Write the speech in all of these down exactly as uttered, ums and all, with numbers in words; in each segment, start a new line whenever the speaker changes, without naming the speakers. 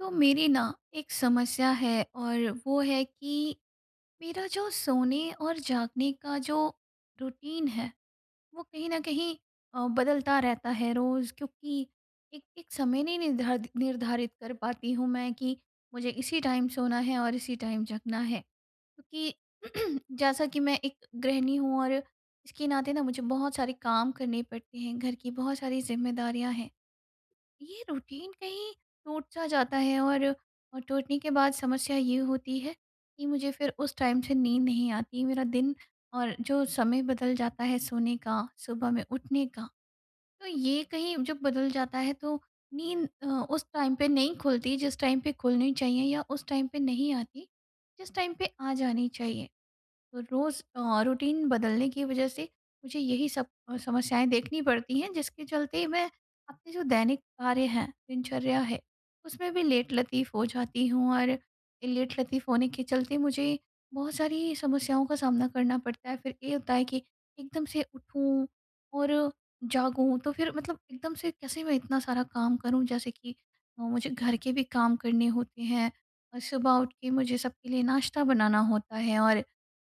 तो मेरी ना, एक समस्या है, और वो है कि मेरा जो सोने और जागने का जो रूटीन है, वो कहीं न कहीं अ, बदलता रहता है, रोज़ क्योंकि एक एक समय नहीं निर्धर्त निर्धारित कर पाती हूँ मैं कि, मुझे इसी टाइम सोना है और इसी टाइम जगना है। कि, जैसा कि मैं एक गृहिणी हूँ और इसके नाते ना मुझे बहुत सारे काम करने पड़ते हैं, घर की बहुत सारी जिम्मेदारियाँ हैं। ये रूटीन कहीं टूट-सा जाता है और, और टूटने के बाद समस्या ये होती है कि मुझे फिर उस टाइम से नींद नहीं आती। मेरा दिन और जो समय बदल जाता है सोने का, सुबह में उठने का। तो ये कहीं जब बदल जाता है तो नींद अ, उस टाइम पे नहीं खुलती जिस टाइम पे खुलनी चाहिए या उस टाइम पे नहीं आती जिस टाइम पे आ जानी चाहिए। तो रोज़ अ रूटीन बदलने की वजह से मुझे यही सब अ, समस्याएँ देखनी पड़ती हैं, जिसके चलते मैं अपने जो दैनिक कार्य हैं, दिनचर्या है, उसमें भी लेटलतीफ़ हो जाती हूँ और लेट-लतीफ़ होने के चलते मुझे बहुत सारी समस्याओं का सामना करना पड़ता है। फिर ये होता है कि, एकदम से उठूँ और जागूँ। तो फिर मतलब एकदम से कैसे मैं इतना सारा काम करूँ, जैसे कि ओ मुझे घर के भी काम करने होते हैं, और सुबह उठ के मुझे सबके लिए नाश्ता बनाना होता है और,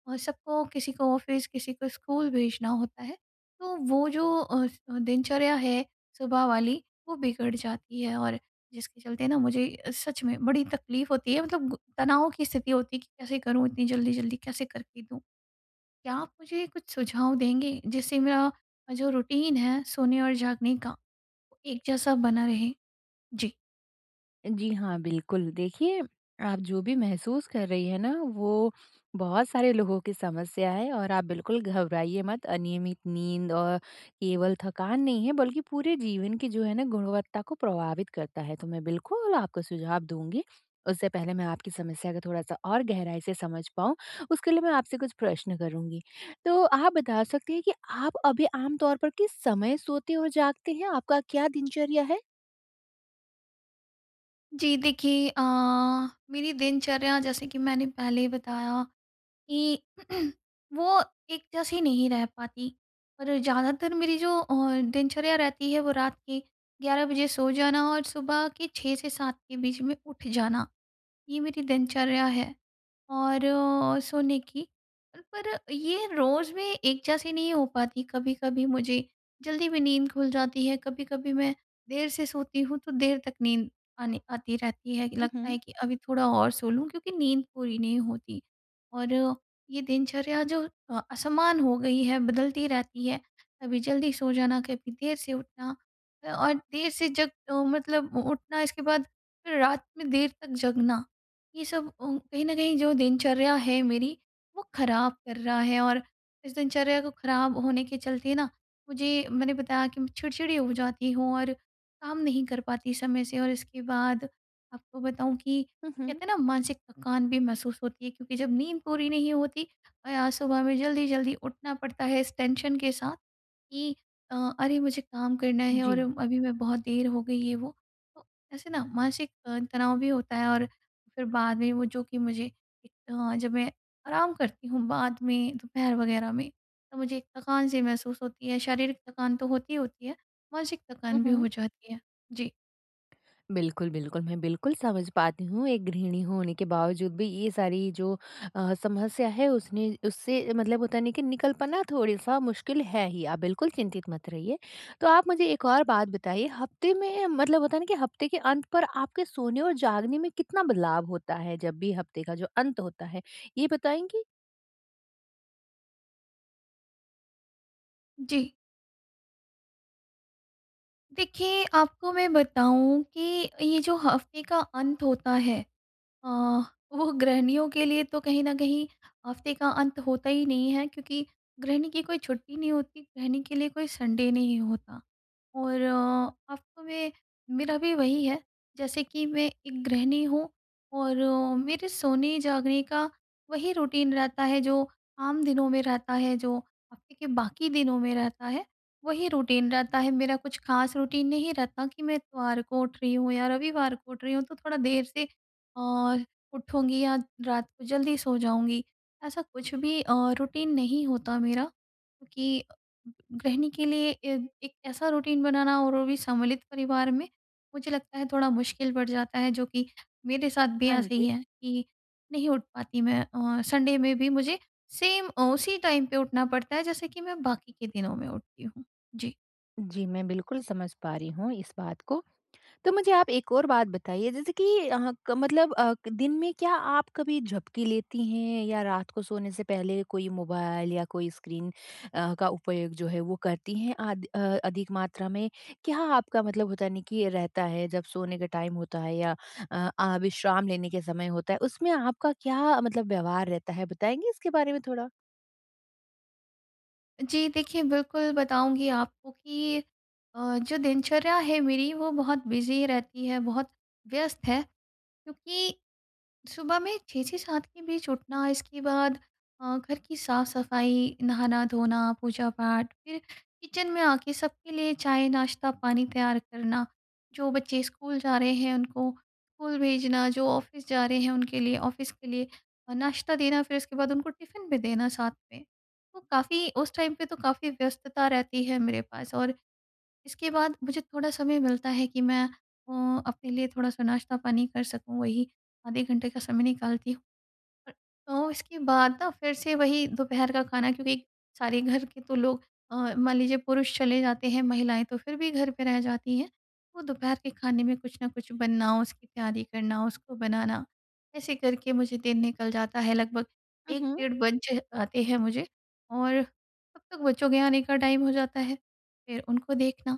और सबको किसी को ऑफिस किसी को स्कूल भेजना होता है, तो वो जो अफ़ दिनचर्या है सुबह वाली, वो बिगड़ जाती है और जिसके चलते ना मुझे अ, सच में बड़ी तकलीफ़ होती है। मतलब गु तनाव की स्थिति होती है कि कैसे करूँ इतनी जल्दी-जल्दी कैसे करके दूँ। क्या आप मुझे कुछ सुझाव देंगे? जिससे मेरा अ, जो रूटीन है सोने और जागने का, एक जैसा बना रहे। जी।
जी हाँ, बिल्कुल। देखिए आप जो भी महसूस कर रही है ना वो बहुत सारे लोगों की समस्या है। और आप बिल्कुल घबराइए मत अनियमित नींद और केवल थकान नहीं है बल्कि पूरे जीवन की जो है ना गुणवत्ता को प्रभावित करता है। तो मैं बिल्कुल आपको सुझाव दूँगी। उससे पहले मैं आपकी समस्या को थोड़ा-सा और गहराई से समझ पाऊँ उसके लिए मैं आपसे कुछ प्रश्न करुँगी। तो आप बता सकती हैं कि आप अभी आम तौर पर किस समय सोते और जागते हैं? आपका क्या दिनचर्या है?
जी, देखिए अ, मेरी दिनचर्या जैसे कि मैंने पहले ही बताया कि वो एक जैसी नहीं रह पाती। पर ज़्यादातर मेरी जो अ, दिनचर्या रहती है वो रात के ग्यारह बजे सो जाना और सुबह के छह से सात के बीच में उठ जाना। ये मेरी दिनचर्या है। और अ, सोने की, पर ये रोज़ भी एक जैसी नहीं हो पाती। कभी-कभी मुझे जल्दी भी नींद खुल जाती है, कभी-कभी मैं देर से सोती हूँ तो देर तक नींद आने आती रहती है।
हुँ,
लगता
हुँ।
है कि अभी थोड़ा और सो लूँ क्योंकि नींद पूरी नहीं होती। और ये दिनचर्या जो असमान हो गई है, बदलती रहती है, कभी जल्दी सो जाना, कभी देर से उठना और देर से जब अ, मतलब उठना इसके बाद फिर रात में देर तक जगना। ये सब अ, कहीं न कहीं ओ जो दिनचर्या है मेरी वो खराब कर रहा है। और इस दिनचर्या को खराब होने के चलते ना मुझे मैंने बताया कि चिड़चिड़ी हो जाती हूँ और काम नहीं कर पाती समय से। और इसके बाद आपको बताऊँ कि
हुँ, हुँ।
कहते हैं ना मानसिक थकान भी महसूस होती है। क्योंकि जब नींद पूरी नहीं होती और आज सुबह में जल्दी-जल्दी उठना पड़ता है इस टेंशन के साथ कि अ, अरे मुझे काम करना है और
जी।
अभी मैं बहुत देर हो गई है वो तो ऐसे ना मानसिक अ, तनाव भी होता है। और फिर बाद में वो जो कि मुझे अ, जब मैं आराम करती हूँ बाद में, दोपहर वगैरह में तो मुझे एक थकान-सी महसूस होती है। शारीरिक थकान तो होती ही होती है, मानसिक
हुँ,
थकान भी हो
हुँ।
जाती है। जी।
बिल्कुल, बिल्कुल, मैं बिल्कुल समझ पाती हूँ एक गृहिणी होने के बावजूद भी ये सारी जो अ, समस्या है उसने उससे मतलब होता है ना कि निकल पाना थोडे-सा मुश्किल है ही, आप बिल्कुल चिंतित मत रहिए। तो आप मुझे एक और बात बताइए हफ्ते में मतलब होता है ना कि हफ्ते के अंत पर आपके सोने और जागने में कितना बदलाव होता है जब भी हफ्ते का जो अंत होता है, ये बताएँगी?
जी। देखिए, आपको मैं बताऊँ कि ये जो हफ्ते का अंत होता है अ, वो गृहिणियों के लिए तो कहीं न कहीं हफ्ते का अंत होता ही नहीं है क्योंकि गृहिणी की कोई छुट्टी नहीं होती, गृहिणी के लिए कोई संडे नहीं होता। और अ, हफ्तों में मेरा भी वही है, जैसे कि मैं एक गृहिणी हूँ और मेरे सोने-जागने का वही रूटीन रहता है जो आम दिनों में रहता है, जो हफ्ते के बाकी दिनों में रहता है, वही रूटीन रहता है। मेरा कुछ खास रूटीन नहीं रहता कि मैं इतवार को उठ रही हूँ या रविवार को उठ रही हूँ तो थोड़ा देर से और उठूँगी या रात को जल्दी सो जाऊँगी। ऐसा कुछ भी अ, रूटीन नहीं होता मेरा, क्योंकि गृहिणी के लिए ए एक ऐसा रूटीन बनाना और वो भी सम्मिलित परिवार में, मुझे लगता है थोड़ा मुश्किल बढ़ जाता है जो कि मेरे साथ भी
हाँ
ऐसे ही
जी।
है कि नहीं उठ पाती मैं औ संडे में भी मुझे सेम अ, उसी टाइम पे उठना पड़ता है, जैसे कि मैं बाकी के दिनों में उठती हूँ। जी।
जी, मैं बिल्कुल समझ पा रही हूँ इस बात को। तो मुझे आप एक और बात बताइए जैसे कि हाँ क मतलब अ, क दिन में क्या आप कभी झपकी लेती हैं? या रात को सोने से पहले कोई मोबाइल या कोई स्क्रीन अ, का उपयोग जो है वो करती हैं? अध अ, अधिक मात्रा में? क्या आपका मतलब होता है न, कि ये रहता है, जब सोने का टाइम होता है या अ अ, विश्राम लेने के समय होता है। उसमें आपका क्या मतलब व्यवहार रहता है? बताएँगे इसके बारे में थोड़ा?
जी देखिए, बिल्कुल बताऊँगी आपको कि अ, जो दिनचर्या है मेरी वो बहुत बिज़ी रहती है, बहुत व्यस्त है। क्योंकि सुबह में छह से सात के बीच उठना। इसके बाद अ, घर की साफ-सफाई, नहाना-धोना, पूजा-पाठ फिर किचन में आके सबके लिए चाय-नाश्ता पानी तैयार करना। जो बच्चे स्कूल जा रहे हैं, उनको स्कूल भेजना, जो ऑफ़िस जा रहे हैं, उनके लिए ऑफ़िस के लिए नाश्ता देना, फिर उसके बाद उनको टिफिन भी देना साथ में। तो काफ़ी, उस टाइम पे तो काफ़ी व्यस्तता रहती है, मेरे पास और इसके बाद मुझे थोड़ा समय मिलता है कि मैं अ, अपने लिए थोड़ा-सा नाश्ता पानी कर सकूँ, वही आधे घंटे का समय निकालती हूँ। और तो इसके बाद न फ़िर से वही दोपहर का खाना, क्योंकि सारे घर के तो लोग अ, मान लीजिए पुरुष चले जाते हैं, महिलाएँ तो फिर भी घर पे रह जाती हैं। तो दोपहर के खाने में कुछ न कुछ बनाओ, उसकी तैयारी करना उसको बनाना। ऐसे करके मुझे दिन निकल जाता है, लगभग
उ,
एक
हुँ।
डेढ़ बज जाते हैं मुझे और तब तक बच्चों के आने का टाइम हो जाता है। फ़िर उनको देखना,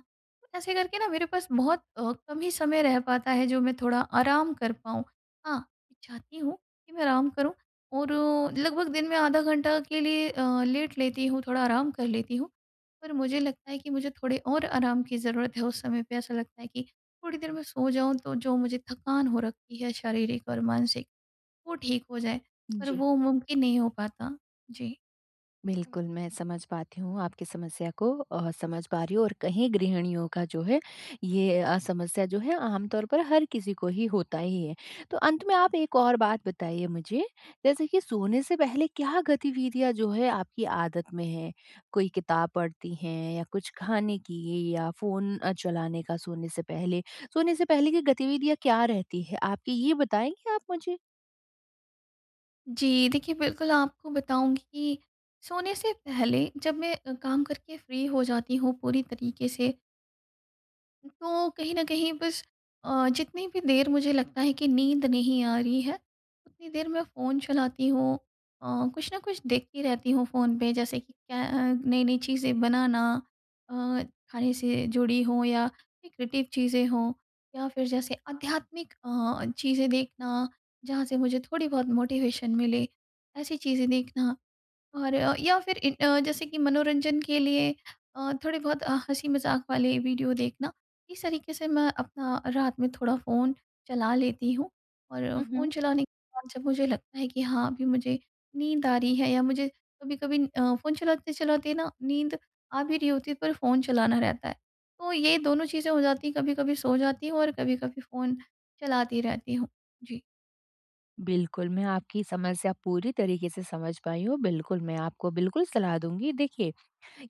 ऐसे करके ना मेरे पास बहुत अ, कम ही समय रह पाता है, जो मैं थोड़ा आराम कर पाऊँ। हाँ, चाहती हूँ कि मैं आराम करूँ और लगभग दिन में आधा घंटा के लिए अ, लेट लेती हूँ, थोड़ा आराम कर लेती हूँ। पर मुझे लगता है कि मुझे थोड़े और आराम की ज़रूरत है, उस समय पे ऐसा लगता है कि थोड़ी देर में सो जाऊँ। तो जो मुझे थकान हो रखी है शारीरिक और मानसिक, वो ठीक हो जाए पर
जी।
वो मुमकिन नहीं हो पाता। जी।
बिल्कुल, मैं समझ पाती हूँ आपकी समस्या को अ, समझ पा रही हूँ। और कहीं गृहिणियों का जो है ये अ, समस्या जो है आमतौर पर हर किसी को ही होता ही है। तो अंत में आप एक और बात बताइए मुझे, जैसे कि सोने से पहले क्या गतिविधियाँ जो है आपकी आदत में हैं? कोई किताब पढ़ती हैं? या कुछ खाने की या फ़ोन अ, चलाने का सोने से पहले सोने से पहले की गतिविधियाँ क्या रहती हैं आपकी ये बताएँगे आप मुझे?
जी, देखिए बिल्कुल आपको बताऊँगी कि, सोने से पहले जब मैं अ, काम करके फ्री हो जाती हूँ पूरी तरीके से तो कहीं न कहीं बस अ, जितनी भी देर मुझे लगता है कि नींद नहीं आ रही है, उतनी देर मैं फ़ोन चलाती हूँ अ, कुछ न कुछ देखती रहती हूँ फ़ोन पे। जैसे कि क्या अ, नई-नई चीज़ें बनाना अ, खाने से जुड़ी हों या क्रिएटिव चीज़ें हों, या फिर जैसे आध्यात्मिक अ, चीज़ें देखना जहाँ से मुझे थोड़ी-बहुत मोटिवेशन मिले। ऐसी चीज़ें देखना और अ, या फिर ए अ, जैसे कि मनोरंजन के लिए अ, थोड़े-बहुत अ, हँसी-मज़ाक वाले वीडियो देखना। इस तरीके से मैं अपना रात में थोड़ा फ़ोन चला लेती हूँ, और
हुँ,
फ़ोन
हुँ।
चलाने के बाद जब मुझे लगता है कि हाँ अभी मुझे नींद आ रही है या मुझे कभी-कभी अ, फ़ोन चलाते-चलाते ना नींद आ भी रही होती है, पर फ़ोन चलाना रहता है। तो ये दोनों चीज़ें हो जाती हैं, कभी-कभी सो जाती हूँ, और कभी-कभी फ़ोन चलाती रहती हूँ। जी।
बिल्कुल, मैं आपकी समस्या पूरी तरीके से समझ पाई हूँ। बिल्कुल, मैं आपको बिल्कुल सलाह दूँगी। देखिए,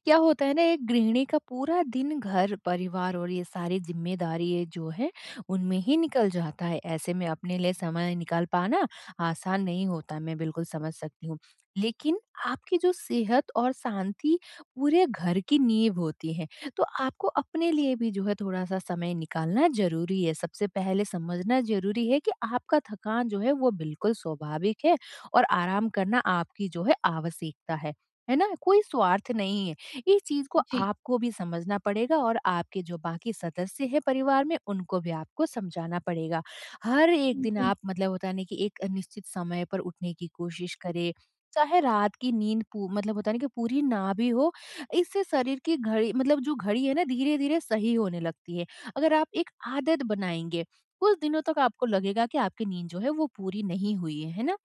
क्या होता है ना एक गृहिणी का पूरा दिन घर-परिवार और ये सारी ज़िम्मेदारी जो है उनमें ही निकल जाता है ऐसे में अपने लिए समय निकाल पाना आसान नहीं होता मैं बिल्कुल समझ सकती हूँ। लेकिन आपकी जो सेहत और शांति पूरे घर की नींव होती है। तो आपको अपने लिए भी जो है थोड़ा-सा समय निकालना ज़रूरी है। सबसे पहले समझना ज़रूरी है कि आपका थकान जो है वो बिल्कुल स्वाभाविक है और आराम करना आपकी जो है आवश्यकता है, है ना? कोई स्वार्थ नहीं है। इस चीज़ को
जी।
आपको भी समझना पड़ेगा और आपके जो बाकी सदस्य हैं परिवार में उनको भी आपको समझाना पड़ेगा। हर एक दिन
जी।
आप मतलब होता है ना कि एक निश्चित समय पर उठने की कोशिश करें। चाहे रात की नींद पू मतलब होता है ना कि पूरी ना भी हो, इससे शरीर की घड़ी मतलब जो घड़ी है ना धीरे-धीरे सही होने लगती है। अगर आप एक आदत बनाएँगे, कुछ दिनों तक आपको लगेगा कि आपकी नींद जो है वो पूरी नहीं हुई है, है ना?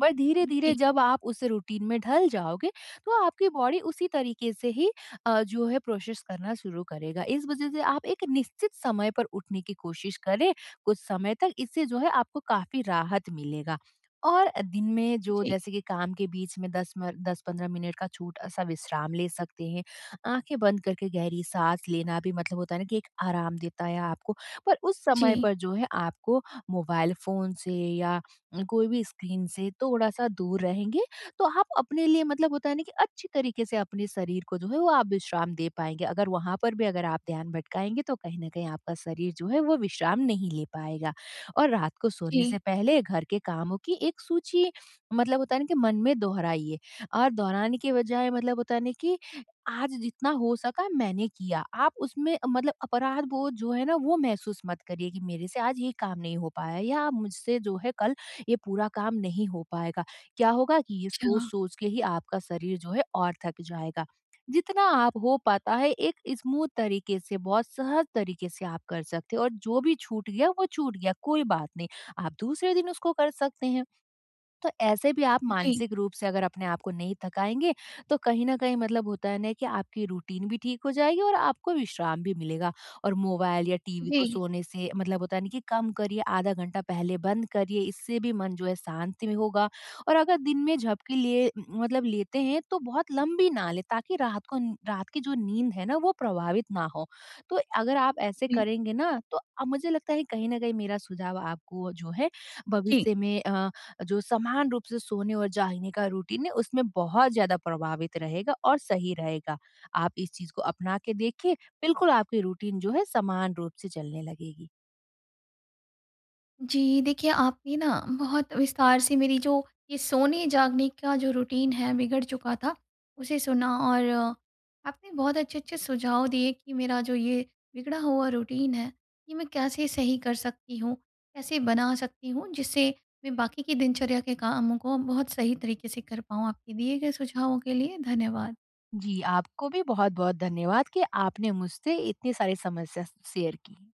बट धीरे-धीरे
जी।
जब आप उस रूटीन में ढल जाओगे तो आपकी बॉडी उसी तरीके से ही अ, जो है प्रोसेस करना शुरू करेगा। इस वजह से आप एक निश्चित समय पर उठने की कोशिश करें, कुछ समय तक इससे जो है आपको काफ़ी राहत मिलेगा। और अ, दिन में जो
जी।
जैसे कि काम के बीच में दस मर दस-पंद्रह मिनट का छोटा-सा विश्राम ले सकते हैं। आँखें बंद करके गहरी साँस लेना भी मतलब होता है ना कि एक आराम देता है आपको पर उस समय
जी।
पर जो है आपको मोबाइल फ़ोन से या उम, कोई भी स्क्रीन से थोड़ा-सा दूर रहेंगे तो आप अपने लिए मतलब होता है ना कि अच्छी तरीके से अपने शरीर को जो है वो आप विश्राम दे पाएँगे अगर वहाँ पर भी अगर आप ध्यान भटकाएँगे तो कहीं न कहीं आपका शरीर जो है वो विश्राम नहीं ले पाएगा। और रात को सोने
जी।
से पहले घर के कामों की एक सूची मतलब होता है ना कि मन में दोहराइए और दोहराने के बजाय मतलब होता है ना कि आज जितना हो सका मैंने किया। आप उसमें मतलब अपराध बोध जो है ना वो महसूस मत करिए कि मेरे से आज ये काम नहीं हो पाया है या आप मुझसे जो है कल ये पूरा काम नहीं हो पाएगा। क्या होगा कि ये
अच्छा।
सोच-सोच के ही आपका शरीर जो है और थक जाएगा। जितना आप हो पाता है एक स्मूद तरीके से बहुत सहज तरीके से आप कर सकते हो और जो भी छूट गया वो छूट गया कोई बात नहीं, आप दूसरे दिन उसको कर सकते हैं। तो ऐसे भी आप
जी।
मानसिक रूप से अगर अपने को नहीं थकाएँगे तो कहीं न कहीं मतलब होता है ना कि आपकी रूटीन भी ठीक हो जाएगी और आपको विश्राम भी मिलेगा और मोबाइल या टीवी को
जी।
सोने से मतलब होता है ना कि कम करिए आधा घंटा पहले बंद करिए इससे भी मन जो है शांत भी होगा और अगर दिन में झपकी लिए उ उ मतलब लेते हैं तो बहुत लंबी ना लें ताकि रात को नी रात की जो नींद है ना वो प्रभावित ना हो। तो अगर आप ऐसे
जी।
करेंगे ना तो आ मुझे लगता है कहीं न कहीं मेरा सुझाव आपको जो है
जी।
भविष्य में अ, जो समान रूप से सोने और जागने का रूटीन है उसमें बहुत ज़्यादा प्रभावित रहेगा और सही रहेगा। आप इस चीज़ को अपना के देखिए, बिल्कुल आपकी रूटीन जो है समान रूप से चलने लगेगी।
जी, देखिए आपने ना बहुत विस्तार से मेरी जो ये सोने-जागने का जो रूटीन है बिगड़ चुका था उसे सुना और आपने बहुत अच्छे-अच्छे सुझाव दिए कि मेरा जो ये बिगड़ा हुआ रूटीन है ये मैं कैसे सही कर सकती हूँ, कैसे बना सकती हूँ जिससे मैं बाकी की दिनचर्या के कामों को बहुत सही तरीके से कर पाऊँ। आपके दिए गए सुझावों के लिए धन्यवाद।
जी, आपको भी बहुत-बहुत धन्यवाद कि आपने मुझसे इतनी सारी समस्या श शेयर की।